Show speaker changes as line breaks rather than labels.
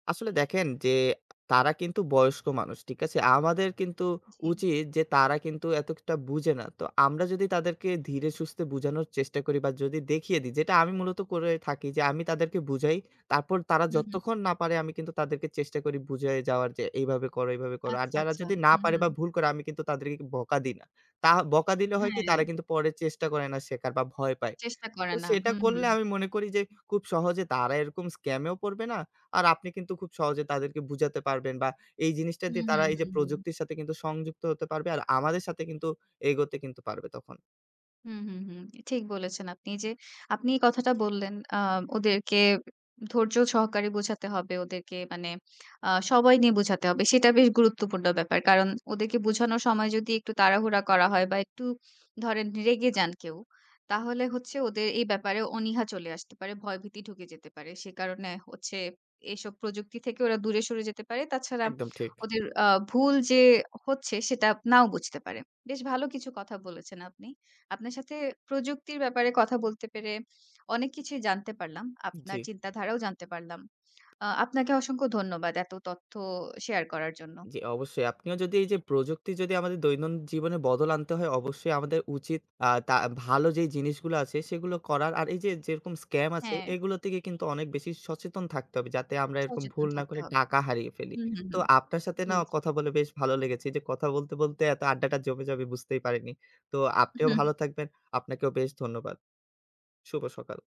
আসলে দেখেন যে, তারা কিন্তু বয়স্ক মানুষ, ঠিক আছে? আমাদের কিন্তু
জ্বি।
উচিত যে তারা কিন্তু এতটা বুঝে না। তো আমরা যদি তাদেরকে ধীরে সুস্থে বুঝানোর চেষ্টা করি বা যদি দেখিয়ে দিই, যেটা আমি মূলত করে থাকি যে আমি তাদেরকে বুঝাই তারপর তারা
হুম, হুম।
যতক্ষণ না পারে আমি কিন্তু তাদেরকে চেষ্টা করি বুঝায়ে যাওয়ার যে এইভাবে করো, এইভাবে করো। আর
আচ্ছা,
যারা
আচ্ছা।
যদি না
হুম,
পারে বা
হুম।
ভুল করে আমি কিন্তু তাদেরকে বকা দিই না। তা বকা দিলে হয় কি
হ্যা।
তারা কিন্তু পরে চেষ্টা করে না শেখার বা ভয় পায়।
চেষ্টা করে
তো
না,
সেটা
হুম,
করলে
হুম।
আমি মনে করি যে খুব সহজে তারা এরকম স্ক্যামেও পড়বে না, আর আপনি কিন্তু খুব সহজে তাদেরকে বুঝাতে পারবেন বা এই জিনিসটা
হুম,
দিয়ে তারা
হুম,
এইযে
হুম, হুম।
প্রযুক্তির সাথে সংযুক্ত হতে পারবে আর আমাদের সাথে কিন্তু এগোতে পারবে তখন।
হুম, হুম, হুম, ঠিক বলেছেন আপনি। এইযে আপনি এই কথাটা বললেন, আ ওদেরকে ধৈর্য্য সহকারে বোঝাতে হবে ওদেরকে মানে আ সবাই নিয়ে বোঝাতে হবে, সেটা বেশ গুরুত্বপূর্ণ ব্যাপার। কারণ ওদেরকে বোঝানোর সময় যদি একটু তাড়াহুড়া করা হয় বা একটু ধরেন রেগে যান কেউ, তাহলে হচ্ছে ওদের এই ব্যাপারে অনিহা চলে আসতে পারে, ভয়ভীতি ঢুকে যেতে পারে। সে কারণে হচ্ছে এসব প্রযুক্তি থেকে ওরা দূরে সরে যেতে পারে। তাছাড়া
একদম ঠিক।
ওদের আ ভুল যে হচ্ছে সেটা নাও বুঝতে পারে, বেশ ভালো কিছু কথা বলেছেন আপনি। আপনার সাথে প্রযুক্তির ব্যাপারে কথা বলতে পেরে অনেক কিছুই জানতে পারলাম, আপনার
জ্বি।
চিন্তাধারাও জানতে পারলাম। আ আপনাকে অসংখ্য ধন্যবাদ এত তথ্য শেয়ার করার জন্য।
জ্বি অবশ্যই। আপনিও যদি এইযে প্রযুক্তি যদি আমাদের দৈনন্দিন জীবনে বদল আনতে হয় অবশ্যই আমাদের উচিত আ তা ভালো যেই জিনিসগুলা আছে সেগুলো করার। আর এই যে যেরকম স্ক্যাম আছে
হ্যা।
এগুলো থেকে কিন্তু অনেক বেশি সচেতন থাকতে হবে যাতে আমরা এরকম
সচেতন
ভুল না
থাকতে
করে
হবে।
টাকা হারিয়ে ফেলি।
হুম, হুম,
তো
হুম।
আপনার সাথে
জ্বি,
না
জ্বি।
কথা বলে বেশ ভালো লেগেছে। এইযে কথা বলতে, বলতে, এত আড্ডাটা জমে যাবে বুঝতেই পারিনি। তো আপনিও
হুম।
ভালো থাকবেন, আপনাকেও বেশ ধন্যবাদ, শুভ সকাল।